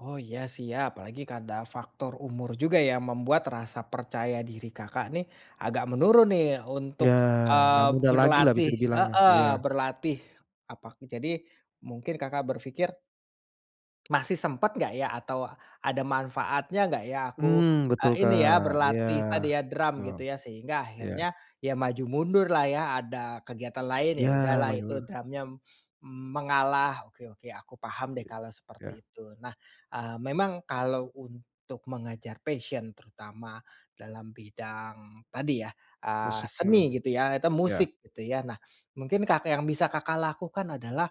Oh iya siap, apalagi, kan, ada faktor umur juga yang membuat rasa percaya diri Kakak, nih, agak menurun, nih, Ya, untuk, nggak eee, mudah lagilah berlatih bisa dibilangnya, heeh, iya. berlatih apa aku jadi mungkin Kakak berpikir masih sempet nggak, ya, atau ada manfaatnya nggak, ya, aku, Hmm, betul eee, ini, ya, Kak, iya berlatih tadi, ya, drum betul. gitu, ya, sehingga Iya. akhirnya, ya, maju mundurlah, ya, ada kegiatan lain, ya, Iya, udahlah Maju itu dulu. drumnya mengalah, oke oke aku paham, deh, kalau Ya. seperti itu. Nah, eee, memang kalau untuk mengejar passion terutama dalam bidang tadi, ya, eee, Musik, mhm. seni gitu, ya, atau Iya. musik gitu, ya. Nah, mungkin Kakak yang bisa Kakak lakukan adalah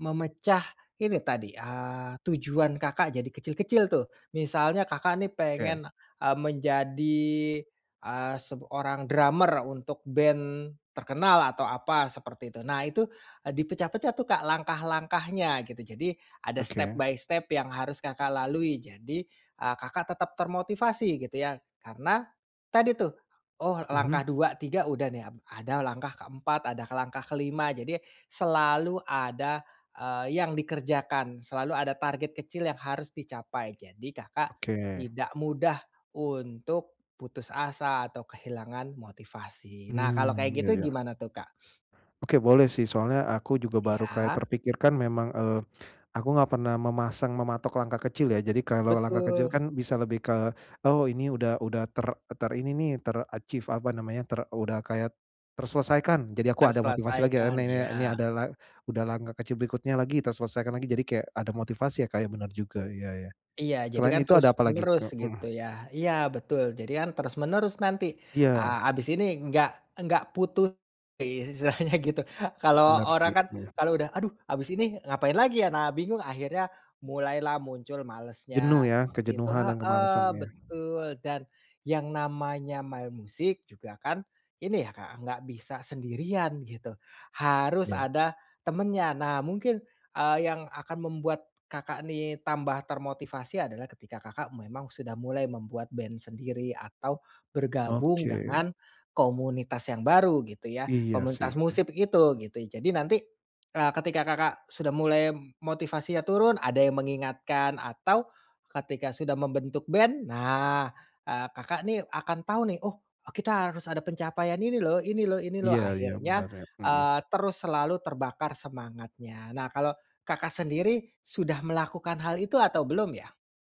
memecah ini tadi, eee, tujuan Kakak jadi kecil-kecil, tuh, misalnya Kakak, nih, Oke. pengen, eee, menjadi, eee, sebu orang drummer untuk band terkenal atau apa seperti itu. Nah itu dipecah-pecah, tuh, Kak, langkah-langkahnya gitu. Jadi, ada Oke. step-by-step yang harus Kakak, lalui. Jadi, eee, Kakak tetap termotivasi gitu, ya, karena tadi, tuh, oh, Mhm. langkah 2, 3 udah, nih, ap ada langkah keempat, ada langkah kelima. Jadi selalu ada, eee, yang dikerjakan selalu ada target kecil yang harus dicapai, jadi Kakak Oke. tidak mudah untuk putus asa atau kehilangan motivasi. Nah kalau Mmm, kayak iya gitu iya. gimana, tuh, Kak? Oke, boleh, sih, soalnya aku juga baru kayak Iya. terpikirkan memang, eee, aku enggak pernah memasang mematok langkah kecil, ya, jadi kalau langkah kecil Betul. kan bisa lebih ke oh ini udah udah ter terini, nih, ter-achieve apa namanya ter udah kayak terselesaikan jadi aku ada motivasi lagi, ya, Terselesaikan, ni ni ini iya. adalah udah langkah kecil berikutnya lagi, terselesaikan lagi jadi kayak ada motivasi, ya, Kak, ya, bener juga, iya iya. Iya jadi, Selain kan, itu ada terus apalagi, menerus Kak, gitu, mhm. ya. Iya betul jadi, kan, terus menerus nanti, eee, Iya. habis ini enggak enggak putus istilahnya gitu kalau Benar orang sih, kan mhm. kalau udah aduh habis ini ngapain lagi, ya, nah bingung akhirnya mulailah muncul Jenuh, malesnya ya, seperti itu kejenuhan dan heeh, kemalasannya. betul, dan yang namanya main musik juga, kan, ini, ya, Kak, nggak bisa sendirian gitu harus Iya. ada temennya nah mungkin, eee, yang akan membuat Kakak, nih, tambah termotivasi adalah ketika Kakak memang sudah mulai membuat band sendiri atau bergabung Oke. dengan komunitas yang baru gitu, ya, Iya, sih. komunitas Heeh. musik itu, gitu. Jadi nanti, eee, ketika Kakak sudah mulai motivasinya turun ada yang mengingatkan atau ketika sudah membentuk band, nah, eee, Kakak, nih, akan tahu, nih, oh kita harus ada pencapaian ini loh, ini loh, ini loh. Iya iya Akhirnya, bener, ya, mhm. eee, terus selalu terbakar semangatnya. Nah, kalau Kakak sendiri sudah melakukan hal itu atau belum, ya?